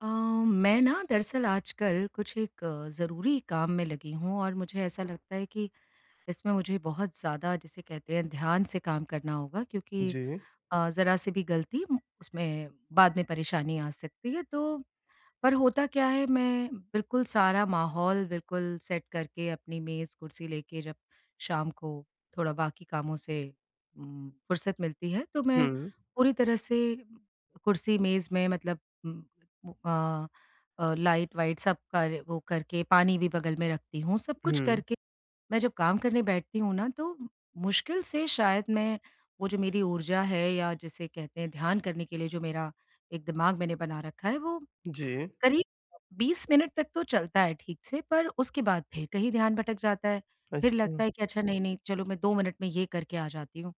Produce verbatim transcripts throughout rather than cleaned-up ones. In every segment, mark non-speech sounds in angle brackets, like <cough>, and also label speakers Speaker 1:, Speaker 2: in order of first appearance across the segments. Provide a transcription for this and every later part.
Speaker 1: अ, मैं ना दरअसल आजकल कुछ एक अ, ज़रूरी काम में लगी हूँ और मुझे ऐसा लगता है कि इसमें मुझे बहुत ज़्यादा जिसे कहते हैं ध्यान से काम करना होगा क्योंकि
Speaker 2: जी।
Speaker 1: अ, ज़रा-सी भी ग़लती उम, उसमें बाद में परेशानी आ सकती है। तो पर होता क्या है मैं बिल्कुल सारा माहौल बिल्कुल सेट करके अपनी मेज़ कुर्सी लेके जब शाम को थोड़ा बाकी कामों से उम, फ़ुर्सत मिलती है। तो मैं
Speaker 2: हुँ।
Speaker 1: पूरी तरह से कुर्सी मेज़ में मतलब उम, अ अ, लाइट-वाइट सब कर वो करके पानी भी बगल में रखती हूँ सब कुछ
Speaker 2: हुँ।
Speaker 1: करके मैं जब काम करने बैठती हूँ ना तो मुश्किल से शायद मैं वो जो मेरी ऊर्जा है या जिसे कहते हैं ध्यान करने के लिए जो मेरा एक दिमाग़ मैंने बना रखा है वो
Speaker 2: जी।
Speaker 1: करीब बीस मिनट तक तो चलता है ठीक से। पर उसके बाद फ़िर कहीं ध्यान भटक जाता है। फ़िर लगता
Speaker 2: अच्छा।
Speaker 1: है कि अच्छा नहीं-नहीं चलो मैं दो मिनट में ये करके आ जाती हूँ।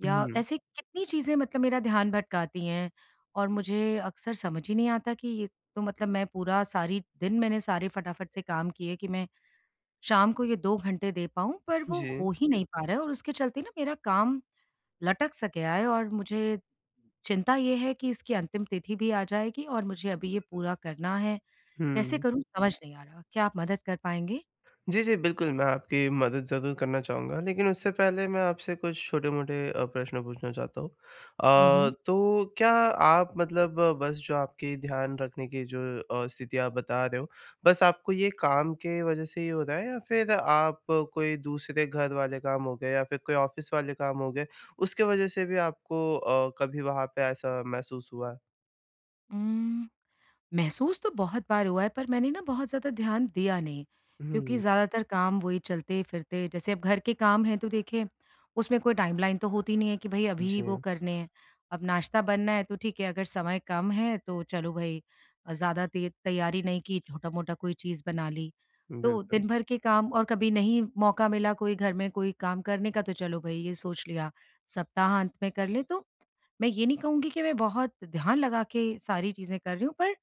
Speaker 1: या
Speaker 2: हुँ।
Speaker 1: ऐसे कितनी चीज़ें मतलब मेरा ध्यान भटकाती हैं और मुझे अक्सर समझ ही नहीं आता कि ये तो मतलब मैं पूरा सारी दिन मैंने सारे फ़टाफ़ट से काम किए कि मैं शाम को ये दो घंटे दे पाऊँ। पर वो
Speaker 2: जी।
Speaker 1: हो ही नहीं पा रहा है और उसके चलते ना मेरा काम लटक-सा गया है और मुझे चिंता ये है कि इसकी अंतिम तिथि भी आ जाएगी और मुझे अभी ये पूरा करना है। कैसे
Speaker 2: हुँ।
Speaker 1: करूँ समझ नहीं आ रहा। क्या आप मदद कर पाएँगे?
Speaker 2: जी, जी बिल्कुल मैं आपकी मदद ज़रूर करना चाहूँगा लेक़िन उससे पहले मैं आपसे कुछ छोटे-मोटे अ, प्रश्न पूछना चाहता हूँ।
Speaker 1: हुँ,
Speaker 2: अ,
Speaker 1: हुँ।
Speaker 2: तो क्या आप मतलब बस जो आपकी ध्यान रखने की जो अ, स्थिति आप बता रहे हो। बस आपको ये काम के वज़ह से ही हो रहा है या फ़िर आप कोई दूसरे घर वाले काम हो गए या फ़िर कोई ऑफ़िस वाले काम हो गए उसके वज़ह से भी आपको अ, कभी वहाँ पे ऐसा महसूस हुआ है?
Speaker 1: उम, महसूस तो बहुत बार हुआ है पर मैंने ना बहुत ज़्यादा ध्यान दिया नहीं, क्योंकि
Speaker 2: हुँ।
Speaker 1: ज़्यादातर काम वही चलते-फिरते जैसे अब घर के काम हैं, तो देखें उसमें कोई टाइमलाइन तो होती नहीं है कि भई अभी वो
Speaker 2: जी।
Speaker 1: करने हैं। अब नाश्ता बनना है तो ठीक है, अगर समय कम है तो चलो भई अ, ज़्यादा ते तैयारी नहीं की छोटा-मोटा कोई चीज़ बना ली। तो
Speaker 2: बिल्कुल।
Speaker 1: दिन भर के काम और कभी नहीं मौका मिला कोई घर में कोई काम करने का तो चलो भई ये सोच लिया सप्ताह-अंत में कर लें, तो मैं ये नहीं कहूँगी कि मैं बहुत ध्यान लगा के सारी चीज़ें कर रही हूँ, पर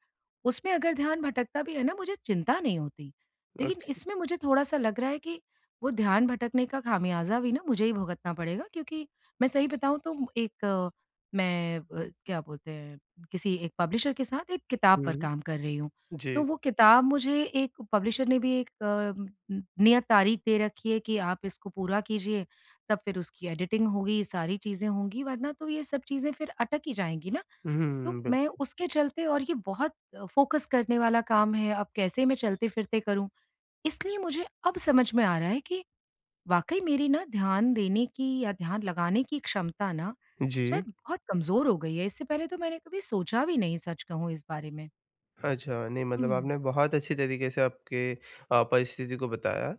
Speaker 1: उसमें अगर ध्यान भटकता भी है ना मुझे चिंता नहीं होती। लेकिन
Speaker 2: ओके।
Speaker 1: इसमें मुझे थोड़ा-सा लग रहा है कि वो ध्यान भटकने का ख़ामियाज़ा भी ना मुझे ही भुगतना पड़ेगा क्योंकि मैं सही बताऊँ, तो एक मैं अ, क्या बोलते हैं किसी एक पब्लिशर के साथ एक किताब पर
Speaker 2: हुँ।
Speaker 1: काम कर रही हूँ,
Speaker 2: जी
Speaker 1: तो वो किताब मुझे एक पब्लिशर ने भी एक अ, नि नियत तारीख़ दे रखी है कि आप इसको पूरा कीजिए तब फिर उसकी एडिटिंग होगी, सारी चीज़ें होंगी वरना तो ये सब चीज़ें फिर अटक ही जाएँगी ना।
Speaker 2: हुँ,
Speaker 1: तो
Speaker 2: हुँ,
Speaker 1: मैं
Speaker 2: बिल्कुल।
Speaker 1: उसके चलते और ये बहुत फ़ोकस करने वाला काम है, अब कैसे मैं चलते-फिरते करूँ? इसलिए मुझे अब समझ में आ रहा है कि वाक़ई मेरी ना ध्यान देने की या ध्यान लगाने की क्षमता ना
Speaker 2: जी।
Speaker 1: शायद बहुत कमज़ोर हो गई है, इससे पहले तो मैंने कभी सोचा भी नहीं सच कहूँ इस बारे में।
Speaker 2: अच्छा, नहीं मतलब
Speaker 1: हुँ।
Speaker 2: आपने बहुत अच्छी तरीक़े से आपके अ, परिस्थिति को बताया।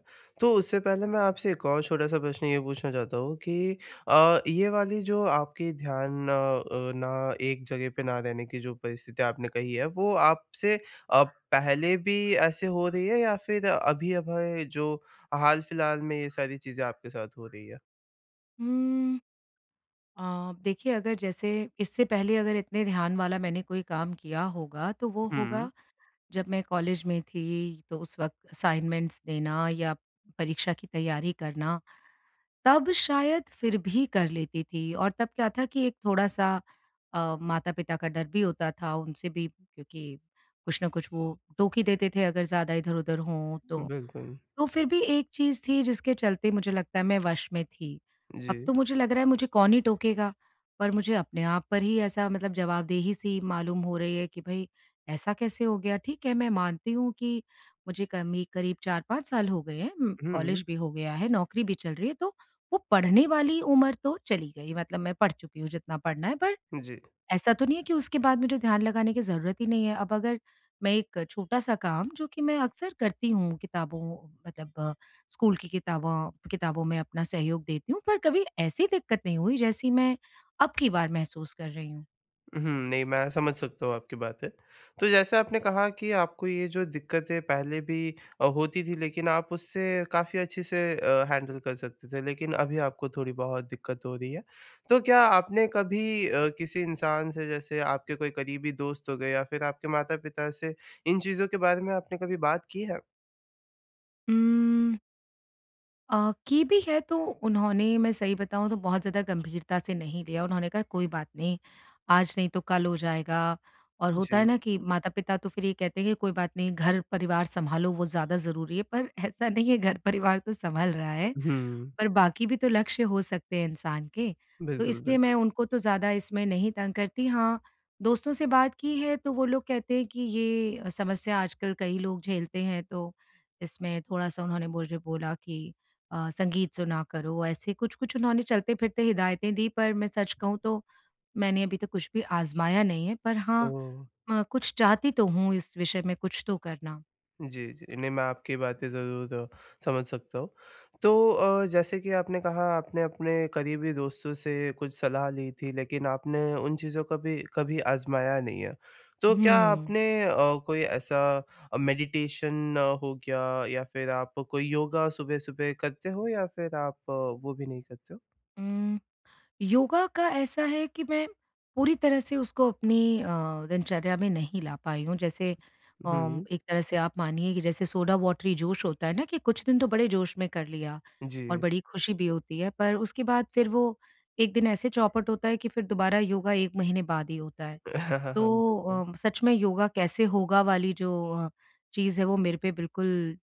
Speaker 2: तो उससे पहले मैं आपसे एक और छोटा-सा प्रश्न ये पूछना चाहता हूँ कि अ, ये वाली जो आपकी ध्यान अ अ, ना एक जगह पे ना रहने की जो परिस्थिति आपने कही हैं, वो आपसे अ, पहले भी ऐसे हो रही है या फिर अभी-अभी जो अ, हाल-फ़िलहाल में ये सारी चीज़ें आपके साथ हो रही हैं।
Speaker 1: हुँ। अ, देखिए, अगर जैसे इससे पहले अगर इतने ध्यान वाला मैंने कोई काम किया होगा, तो वो होगा
Speaker 2: हुँ।
Speaker 1: जब मैं कॉलेज में थी, तो उस वक़्त असाइनमेंट्स देना या परीक्षा की तैयारी करना, तब शायद फिर भी कर लेती थी। और तब क्या था कि एक थोड़ा-सा अ, माता-पिता का डर भी होता था, उनसे भी क्योंकि कुछ न कुछ वो टोक ही देते थे, अगर ज़्यादा इधर-उधर हों तो।
Speaker 2: बिल्कुल।
Speaker 1: तो फिर भी एक चीज़ थी, जिसके चलते मुझे लगता है, मैं वश में थी। अब
Speaker 2: जी।
Speaker 1: तो मुझे लग रहा है, मुझे कौन ही टोकेगा? पर मुझे अपने आप पर ही ऐसा मतलब जवाबदेही-सी मालूम हो रही है कि भई, ऐसा कैसे हो गया? ठीक है, मैं मानती हूँ कि मुझे कमी करीब चार पाँच साल हो गए हैं उम, कॉलेज
Speaker 2: हुँ।
Speaker 1: भी हो गया है, नौकरी भी चल रही है, तो वो पढ़ने वाली उम्र तो चली गई। मतलब मैं पढ़ चुकी हूँ, जितना पढ़ना है, पर
Speaker 2: जी।
Speaker 1: ऐसा तो नहीं है कि उसके बाद मुझे ध्यान लगाने की ज़रूरत ही नहीं है। अब अगर मैं एक छोटा-सा काम जो कि मैं अक्सर करती हूँ, किताबों मतलब स्कूल की किताबां किताबों में अपना सहयोग देती हूँ, पर कभी ऐसी दिक्कत नहीं हुई, जैसी मैं अब की बार महसूस कर रही हूँ।
Speaker 2: उहुँ। नहीं मैं समझ सकता हूँ आपकी बातें, तो जैसा आपने कहा कि आपको ये जो दिक्कतें पहले भी अ, होती थी लेकिन आप उससे काफ़ी अच्छे से अ, हैंडल कर सकते थे लेकिन अभी आपको थोड़ी बहुत दिक्कत हो रही है। तो क्या आपने कभी अ, किसी इंसान से जैसे आपके कोई करीबी दोस्त हो गए या फिर आपके माता-पिता से इन चीज़ों के बारे में आपने कभी बात की है?
Speaker 1: उम्म अ, की भी है तो उन्होंने मैं सही बताऊँ तो बहुत ज़्यादा गंभीरता से नहीं लिया, उन्होंने कहा, "कोई बात नहीं, आज नहीं तो कल हो जाएगा।" और होता है
Speaker 2: जी।
Speaker 1: ना कि माता-पिता तो फिर ये कहते हैं कि, "कोई बात नहीं घर परिवार सँभालो वो ज़्यादा ज़रूरी है।" पर ऐसा नहीं है घर परिवार तो सँभल रहा है,
Speaker 2: हुँ।
Speaker 1: पर बाकी भी तो लक्ष्य हो सकते हैं इंसान के। तो
Speaker 2: बिल्कुल,
Speaker 1: इसलिए
Speaker 2: बिल्कुल।
Speaker 1: मैं उनको तो ज़्यादा इसमें नहीं तंग करती, हाँ, दोस्तों से बात की है तो वो लोग कहते हैं कि ये समस्या आजकल कई लोग झेलते हैं, तो इसमें थोड़ा सा उन्होंने मुझे बोला कि अ, "संगीत सुना करो।" ऐसे कुछ-कुछ उन्होंने चलते फिरते हिदायतें दी पर मैं सच कहूँ तो, मैंने अभी तक कुछ भी आज़माया नहीं है, पर हाँ
Speaker 2: ओह!
Speaker 1: अ, कुछ चाहती तो हूँ इस विषय में कुछ तो करना।
Speaker 2: जी, जी। नहीं मैं आपकी बातें ज़रूर द समझ सकता हूँ। तो अ, जैसे कि आपने कहा आपने अपने करीबी दोस्तों से कुछ सलाह ली थी लेकिन आपने उन चीज़ों को कभी, कभी आज़माया नहीं है। तो क्या
Speaker 1: हुँ।
Speaker 2: आपने अ, कोई ऐसा अ, मेडिटेशन हो गया या फिर आप कोई योगा सुबह-सुबह करते हो या फिर आप वो भी नहीं करते हो?
Speaker 1: उम, योगा का ऐसा है कि मैं पूरी तरह से उसको अपनी अ, दिनचर्या में नहीं ला पाई हूँ। जैसे अम,
Speaker 2: हुँ।
Speaker 1: एक तरह से आप मानिए कि जैसे सोडा वाटरी जोश होता है ना कि कुछ दिन तो बड़े जोश में कर लिया और
Speaker 2: जी।
Speaker 1: बड़ी खुशी भी होती है, पर उसके बाद फिर वो एक दिन ऐसे चौपट होता है कि फिर दोबारा योगा एक महीने बाद ही होता है।
Speaker 2: <chuckles>
Speaker 1: तो
Speaker 2: बिल्कुल।
Speaker 1: अ, सच में योगा कैसे होगा वाली जो अ, चीज़ है वो मेरे पे बिल्कुल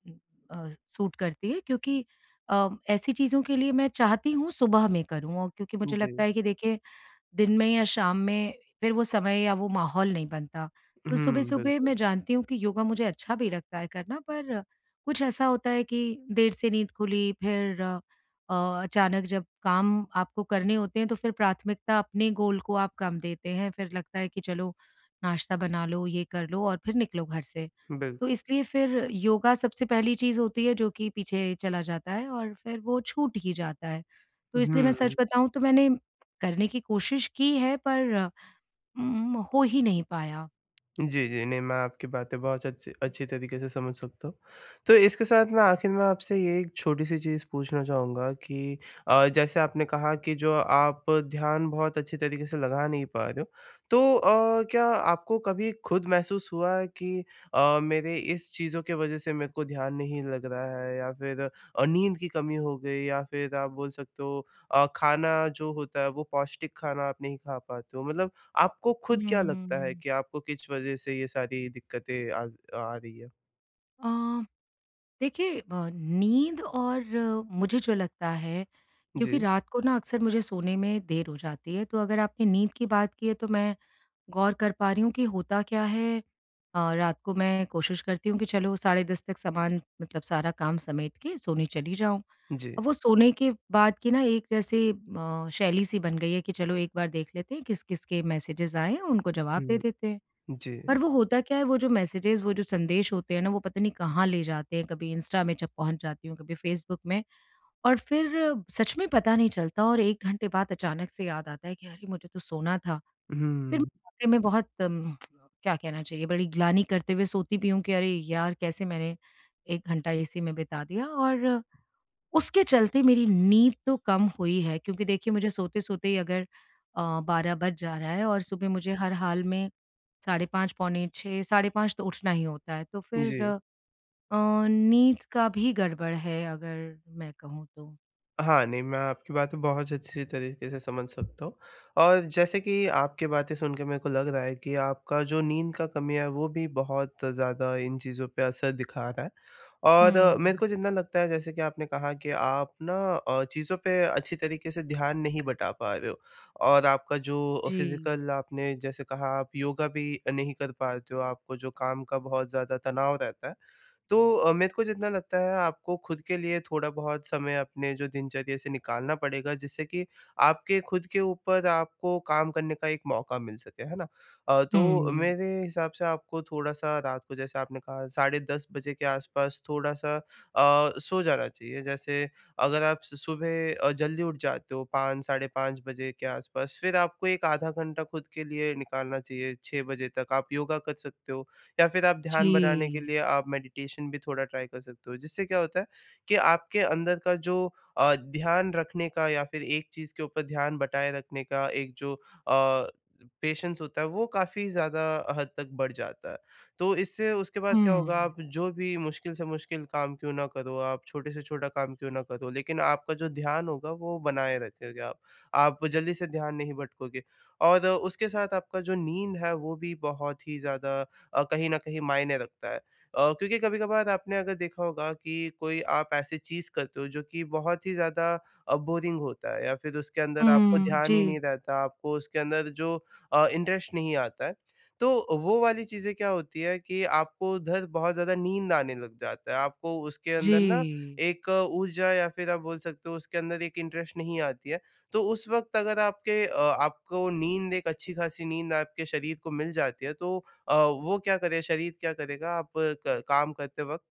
Speaker 1: अ, सूट करती है, क्योंकि अ, ऐसी चीज़ों के लिए मैं चाहती हूँ सुबह में करूँ, क्योंकि मुझे लगता
Speaker 2: जी।
Speaker 1: है कि देखिए दिन में या शाम में फिर वो समय या वो माहौल नहीं बनता। तो
Speaker 2: हुँ,
Speaker 1: सुबह-सुबह मैं
Speaker 2: बिल्कुल।
Speaker 1: जानती हूँ कि योगा मुझे अच्छा भी लगता है करना पर कुछ ऐसा होता है कि देर से नींद खुली फिर अ अ, अचानक जब काम आपको करने होते हैं, तो फिर प्राथमिकता अपने गोल को आप कम देते हैं, फिर लगता है कि चलो नाश्ता बना लो, ये कर लो और फिर निकलो घर से। तो
Speaker 2: बिल्कुल।
Speaker 1: इसलिए फिर योगा सबसे पहली चीज़ होती है, जो कि पीछे चला जाता है और फिर वो छूट ही जाता है। तो इसलिए मैं सच
Speaker 2: हुँ।
Speaker 1: बताऊँ तो मैंने करने की कोशिश की है पर उम, हो ही नहीं पाया।
Speaker 2: जी, जी नहीं मैं आपकी बातें बहुत अच्छी अच्छी तरीक़े से समझ सकता हूँ। तो इसके साथ मैं आख़िर में आपसे ये एक छोटी-सी चीज़ पूछना चाहूँगा कि अ, जैसे आपने कहा कि जो आप ध्यान बहुत अच्छी तरीक़े से लगा नहीं पा रहे हो तो अ, क्या आपको कभी ख़ुद महसूस हुआ है कि अ, मेरे इस चीज़ों की वजह से मेरे को ध्यान नहीं लग रहा है या फ़िर द अ, नींद की कमी हो गई या फ़िर आप बोल सकते हो अ, ख़ाना जो होता है वो पौष्टिक ख़ाना आप नहीं ख़ा पाते हो। मतलब आपको ख़ुद क्या लगता है
Speaker 1: हम्म।
Speaker 2: कि आपको किस वजह से ये सारी दिक़्क़तें आज आ रही हैं।
Speaker 1: अ, देखिए ब नींद और मुझे जो लगता है क्योंकि
Speaker 2: जी।
Speaker 1: रात को ना अक्सर मुझे सोने में देर हो जाती है तो अगर आपने नींद की बात की है तो मैं गौर कर पा रही हूँ कि होता क्या है अ, रात को मैं कोशिश करती हूँ कि चलो साढ़े दस तक सामान मतलब सारा काम समेट के सोने चली जाऊँ।
Speaker 2: जी।
Speaker 1: और वो सोने के बाद की ना एक जैसे म शैली-सी बन गई है कि चलो एक बार देख लेते हैं किस-किस के मैसेजेस आए हैं उनको जवाब दे
Speaker 2: हुँ,
Speaker 1: देते हैं। पर
Speaker 2: जी।
Speaker 1: वो होता क्या है वो जो मैसेजेस वो जो संदेश होते हैं ना वो पता नहीं कहाँ ले जाते हैं, कभी इंस्टा में जब पहुँच जाती हूँ, कभी फेसबुक में। और फ़िर सच में पता नहीं चलता और एक घंटे बाद अचानक से याद आता है कि अरे मुझे तो सोना था। फ़िर
Speaker 2: हुँ।
Speaker 1: वाक़ई में बहुत म <tsk> क्या कहना चाहिए बड़ी ग्लानि करते हुए सोती भी हूँ कि अरे यार कैसे मैंने एक घंटा इसी में बिता दिया और उसके चलते मेरी नींद तो कम हुई है क्योंकि देखिए मुझे सोते-सोते ही अगर, अ, बारह बज जा रहा है और सुबह मुझे हर हाल में साढ़े पाँच पौने छह साढ़े पाँच तो उठना ही होता है। तो फ़िर
Speaker 2: जी।
Speaker 1: अ, नींद का भी गड़बड़ है अगर मैं कहूँ तो।
Speaker 2: हाँ, नहीं मैं आपकी बातें बहुत अच्छी तरीके से समझ सकता हूँ और जैसे कि आपकी बातें सुन के मेरे को लग रहा है कि आपका जो नींद का कमी है वो भी बहुत ज़्यादा इन चीज़ों पे असर दिखा रहा है। और मेरे
Speaker 1: हुँ।
Speaker 2: को जितना लगता है जैसे कि आपने कहा कि आप ना अ, चीज़ों पे अच्छी तरीके से ध्यान नहीं बँटा पा रहे हो और आपका जो
Speaker 1: जी।
Speaker 2: फिज़ीकल आपने जैसे कहा आप योगा भी नहीं कर पाते हो, आपको जो काम का बहुत ज़्यादा तनाव रहता है तो अ, मेरे को जितना लगता है आपको खुद के लिए थोड़ा बहुत समय अपने जो दिनचर्या से निकालना पड़ेगा, जिससे कि आपके खुद के ऊपर आपको काम करने का एक मौका मिल सके, है ना? अ, तो
Speaker 1: हुँ।
Speaker 2: मेरे हिसाब से आपको थोड़ा-सा रात को जैसे आपने कहा साढ़े दस बजे के आस-पास थोड़ा-सा अ, सो जाना चाहिए। जैसे अगर आप स सुबह अ, जल्दी उठ जाते हो पाँच साढ़े पाँच बजे के आस-पास फिर आपको एक आधा घंटा खुद के निकालना चाहिए, छह बजे तक आप योगा कर सकते हो या फिर आप ध्यान बनाने के
Speaker 1: जी।
Speaker 2: लिए आप मेडिटेशन भी थोड़ा ट्राई कर सकते हो। जिससे क्या होता है कि आपके अंदर का जो अ, ध्यान रखने का या फिर एक चीज़ के ऊपर ध्यान बँटाये रखने का एक जो अ, पेशेंस होता है, वो काफ़ी ज़्यादा हद तक बढ़ जाता है। तो इससे उसके बाद क्या होगा
Speaker 1: हुँ।
Speaker 2: आप जो भी मुश्किल से मुश्किल काम क्यों ना करो, आप छोटे से छोटा काम क्यों ना करो, लेकिन आपका जो ध्यान होगा वो बनाए रखोगे आप। आप जल्दी से ध्यान नहीं भटकोगे और उसके साथ आपका जो नींद है, वो भी बहुत ही ज़्यादा अ, कहीं न कहीं मायने रखता है। अ, क्योंकि कभी-कभार आपने अगर देखा होगा कि कोई आप ऐसी चीज़ करते हो, जो कि बहुत ही ज़्यादा अ, बोरिंग होता है या फिर उसके अंदर आपको
Speaker 1: हुँ,
Speaker 2: ध्यान ही नहीं
Speaker 1: जी।
Speaker 2: रहता, आपको उसके अंदर जो अ, इंटरेस्ट नहीं आता है। तो वो वाली चीज़ें क्या होती है कि आप उधर बहुत ज़्यादा नींद आने लग जाता है, आपको उसके अंदर ना
Speaker 1: जी।
Speaker 2: एक ऊर्जा या फिर आप बोल सकते हो उसके अंदर एक इंटरेस्ट नहीं आती है। तो उस वक़्त अगर आपके अ, आपको नींद एक अच्छी ख़ासी नींद आपके शरीर को मिल जाती है तो अ, वो क्या करे शरीर क्या करेगा आप क काम करते वक़्त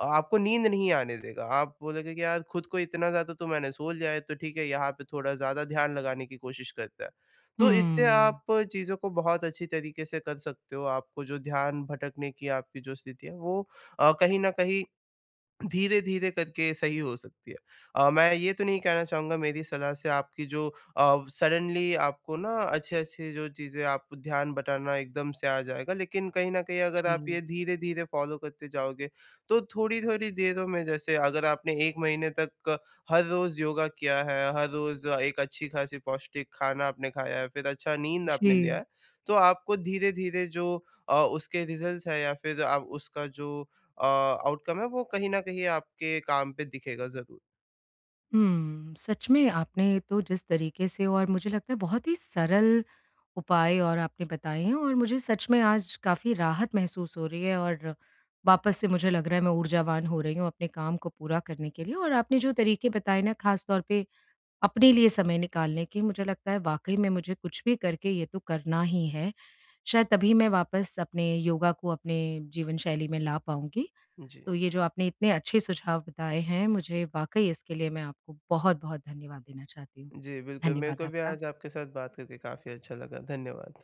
Speaker 2: अ आपको नींद नहीं आने देगा। आप बोलोगे कि यार खुद को इतना ज़्यादा तो मैंने सो लिया है, तो ठीक है यहाँ पे थोड़ा ज़्यादा ध्यान लगाने की कोशिश करता है। तो इससे
Speaker 1: हुँ।
Speaker 2: आप चीज़ों को बहुत अच्छी तरीके से कर सकते हो। आपको जो ध्यान भटकने की आपकी जो स्थिति है वो अ, कहीं न कहीं धीरे-धीरे करके सही हो सकती है। अ, मैं ये तो नहीं कहना चाहूँगा मेरी सलाह से आपकी जो अ, सडनली आपको ना अच्छे-अच्छे जो चीज़ें आप ध्यान बँटाना एकदम से आ जाएगा। लेकिन कहीं न कहीं अगर आप
Speaker 1: जी।
Speaker 2: ये धीरे-धीरे फॉलो करते जाओगे, तो थोड़ी-थोड़ी देर में जैसे अगर आप आपने एक महीने तक हर रोज़ योगा किया है, हर रोज़ एक अच्छी ख़ासी पौष्टिक खाना आपने खाया है, फिर अच्छा नींद आपने लिया
Speaker 1: जी।
Speaker 2: है, तो आपको धीरे-धीरे जो अ, उसके रिज़ल्ट्स हैं या फिर आप उसका जो अ, आउटकम है वो कहीं न कहीं आपके काम पे दिखेगा ज़रूर।
Speaker 1: हुँ, सच में आपने तो जिस तरीके से और मुझे लगता है बहुत ही सरल उपाय और आपने बताए हैं। और मुझे सच में आज काफ़ी राहत महसूस हो रही है और वापस से मुझे लग रहा है, मैं ऊर्जावान हो रही हूँ अपने काम को पूरा करने के लिए और आपने जो तरीके बताए ना ख़ास तौर पे अपने लिए समय निकालने के मुझे लगता है वाक़ई में मुझे कुछ भी करके ये तो करना ही है। शायद तभी मैं वापस अपने योगा को अपने जीवनशैली में ला पाऊँगी।
Speaker 2: जी।
Speaker 1: तो ये जो आपने इतने अच्छे सुझाव बताए हैं मुझे, वाक़ई इसके लिए मैं आपको बहुत-बहुत धन्यवाद देना चाहती हूँ।
Speaker 2: जी, बिल्कुल मेरे
Speaker 1: धन्यवाद
Speaker 2: को भी
Speaker 1: आपका।
Speaker 2: आज आपके साथ बात करके काफ़ी अच्छा लगा धन्यवाद।